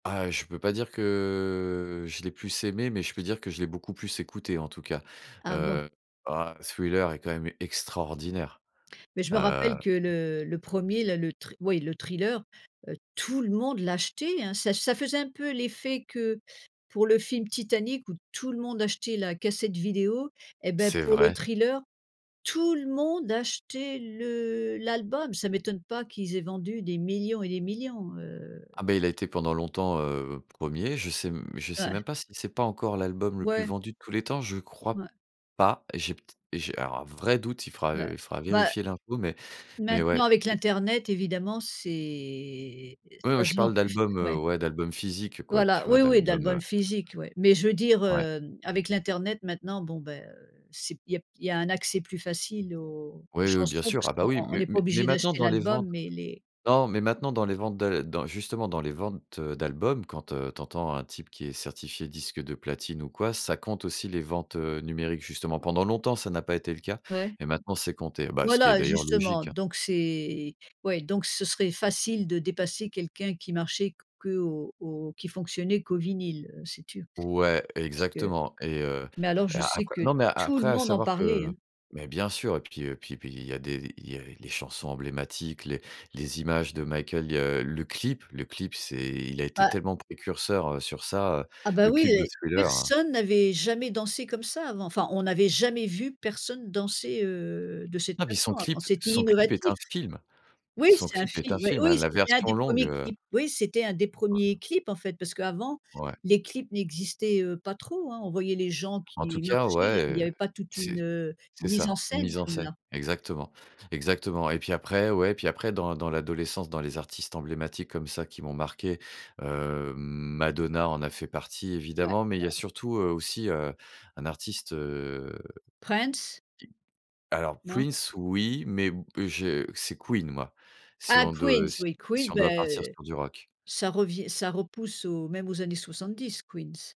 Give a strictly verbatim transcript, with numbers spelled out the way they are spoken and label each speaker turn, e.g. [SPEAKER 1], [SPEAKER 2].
[SPEAKER 1] Ah je peux pas dire que je l'ai plus aimé, mais je peux dire que je l'ai beaucoup plus écouté en tout cas,
[SPEAKER 2] Ah bon?
[SPEAKER 1] heu, ah, Thriller est quand même extraordinaire
[SPEAKER 2] Mais je me rappelle
[SPEAKER 1] heu
[SPEAKER 2] que le le premier, là, le thri ouais le thriller, heu, tout le monde l'achetait hein, ça ça faisait un peu l'effet que pour le film Titanic où tout le monde achetait la cassette vidéo et ben,
[SPEAKER 1] C'est
[SPEAKER 2] pour le
[SPEAKER 1] vrai.
[SPEAKER 2] thriller, tout le monde achetait le l'album. Ça m'étonne pas qu'ils aient vendu des millions et des millions heu
[SPEAKER 1] Ah bah il a été pendant longtemps, heu, premier. Je sais, mmh, je sais
[SPEAKER 2] Ouais.
[SPEAKER 1] même pas si c'est pas encore l'album le plus
[SPEAKER 2] Ouais.
[SPEAKER 1] vendu de tous les temps? Je crois
[SPEAKER 2] Ouais
[SPEAKER 1] pas et j'ai peut-ê et j'ai alors un vrai doute, il fera
[SPEAKER 2] Ouais
[SPEAKER 1] il fera
[SPEAKER 2] bah
[SPEAKER 1] vérifier l'info. Mais mais
[SPEAKER 2] maintenant
[SPEAKER 1] ouais
[SPEAKER 2] avec
[SPEAKER 1] et
[SPEAKER 2] l'internet évidemment c'est est
[SPEAKER 1] Ouais moi
[SPEAKER 2] ça
[SPEAKER 1] je
[SPEAKER 2] se vend
[SPEAKER 1] parle
[SPEAKER 2] plus,
[SPEAKER 1] d'albums, heu,
[SPEAKER 2] ouais.
[SPEAKER 1] ouais, d'albums physiques quoi,
[SPEAKER 2] Voilà
[SPEAKER 1] tu vois
[SPEAKER 2] oui, oui,
[SPEAKER 1] d'albums,
[SPEAKER 2] d'album
[SPEAKER 1] heu
[SPEAKER 2] physique ouais. Mais je veux dire,
[SPEAKER 1] ouais.
[SPEAKER 2] hem, avec l'internet maintenant bon ben, heu, c'est il y a il y a un accès plus facile aux
[SPEAKER 1] Oui, oui, bien
[SPEAKER 2] chansons
[SPEAKER 1] sûr,
[SPEAKER 2] parce
[SPEAKER 1] ah, bah,
[SPEAKER 2] qu'on
[SPEAKER 1] oui,
[SPEAKER 2] on
[SPEAKER 1] mais
[SPEAKER 2] n'est pas
[SPEAKER 1] mais
[SPEAKER 2] obligé
[SPEAKER 1] maintenant
[SPEAKER 2] d'acheter
[SPEAKER 1] dans les
[SPEAKER 2] l'album
[SPEAKER 1] ventes
[SPEAKER 2] mais les
[SPEAKER 1] non, mais maintenant dans les ventes d'a dans justement dans les ventes, heu, d'albums, quand, heu, tu entends un type qui est certifié disque de platine ou quoi, ça compte aussi les ventes, heu, numériques justement. Pendant longtemps, ça n'a pas été le cas
[SPEAKER 2] Ouais.
[SPEAKER 1] mais maintenant c'est compté. Bah, ce qui est
[SPEAKER 2] Voilà!
[SPEAKER 1] d'ailleurs
[SPEAKER 2] Justement
[SPEAKER 1] logique.
[SPEAKER 2] donc c'est ouais donc ce serait facile de dépasser quelqu'un qui marchait qu'au au qui fonctionnait qu'au vinyle, heu, si tu
[SPEAKER 1] Ouais,
[SPEAKER 2] parce que
[SPEAKER 1] exactement et heu
[SPEAKER 2] mais alors
[SPEAKER 1] et
[SPEAKER 2] je
[SPEAKER 1] a
[SPEAKER 2] sais
[SPEAKER 1] après
[SPEAKER 2] que
[SPEAKER 1] non, mais
[SPEAKER 2] tout le
[SPEAKER 1] après, à
[SPEAKER 2] monde en
[SPEAKER 1] savoir
[SPEAKER 2] parlait
[SPEAKER 1] que
[SPEAKER 2] hein.
[SPEAKER 1] mais bien sûr, et puis et puis puis il y a des il y a les chansons emblématiques, les les images de Michael, heu, le clip, le clip, c'est il a été
[SPEAKER 2] Bah
[SPEAKER 1] tellement précurseur, heu, sur ça, heu,
[SPEAKER 2] Ah bah
[SPEAKER 1] le
[SPEAKER 2] oui!
[SPEAKER 1] clip de Thriller.
[SPEAKER 2] Personne n'avait jamais dansé comme ça avant, enfin, on n'avait jamais vu personne danser, heu, de cette
[SPEAKER 1] Non mais son
[SPEAKER 2] façon avant,
[SPEAKER 1] clip
[SPEAKER 2] c'était
[SPEAKER 1] son clip est
[SPEAKER 2] innovatif.
[SPEAKER 1] un film.
[SPEAKER 2] Oui
[SPEAKER 1] Son
[SPEAKER 2] c'est un
[SPEAKER 1] clip est un
[SPEAKER 2] film, ouais,
[SPEAKER 1] film,
[SPEAKER 2] oui,
[SPEAKER 1] la
[SPEAKER 2] c'était un
[SPEAKER 1] version
[SPEAKER 2] des
[SPEAKER 1] longue,
[SPEAKER 2] premiers
[SPEAKER 1] heu
[SPEAKER 2] clips, oui c'était un des premiers
[SPEAKER 1] Ouais.
[SPEAKER 2] clips en fait parce qu'avant,
[SPEAKER 1] Ouais.
[SPEAKER 2] les clips n'existaient, heu, pas trop hein, on voyait les gens
[SPEAKER 1] En tout
[SPEAKER 2] qui
[SPEAKER 1] cas,
[SPEAKER 2] marchaient, il
[SPEAKER 1] ouais,
[SPEAKER 2] y
[SPEAKER 1] heu,
[SPEAKER 2] avait pas toute une,
[SPEAKER 1] c'est
[SPEAKER 2] heu,
[SPEAKER 1] c'est
[SPEAKER 2] mise en
[SPEAKER 1] ça
[SPEAKER 2] scène
[SPEAKER 1] mise en
[SPEAKER 2] comme
[SPEAKER 1] scène.
[SPEAKER 2] là.
[SPEAKER 1] Exactement, exactement et puis après, ouais, puis après dans dans l'adolescence, dans les artistes emblématiques comme ça qui m'ont marqué, heu, Madonna en a fait partie
[SPEAKER 2] Ouais,
[SPEAKER 1] évidemment.
[SPEAKER 2] ouais.
[SPEAKER 1] Mais il y a surtout, heu, aussi un artiste, heu, qui
[SPEAKER 2] Prince?
[SPEAKER 1] alors,
[SPEAKER 2] Non?
[SPEAKER 1] Prince, oui, mais b je c'est Queen moi, si
[SPEAKER 2] Ah
[SPEAKER 1] on de
[SPEAKER 2] Queens,
[SPEAKER 1] si
[SPEAKER 2] oui
[SPEAKER 1] si
[SPEAKER 2] Queen,
[SPEAKER 1] on
[SPEAKER 2] bah,
[SPEAKER 1] doit partir
[SPEAKER 2] heu,
[SPEAKER 1] sur du rock.
[SPEAKER 2] ça revient ça repousse aux même aux années 70 Queens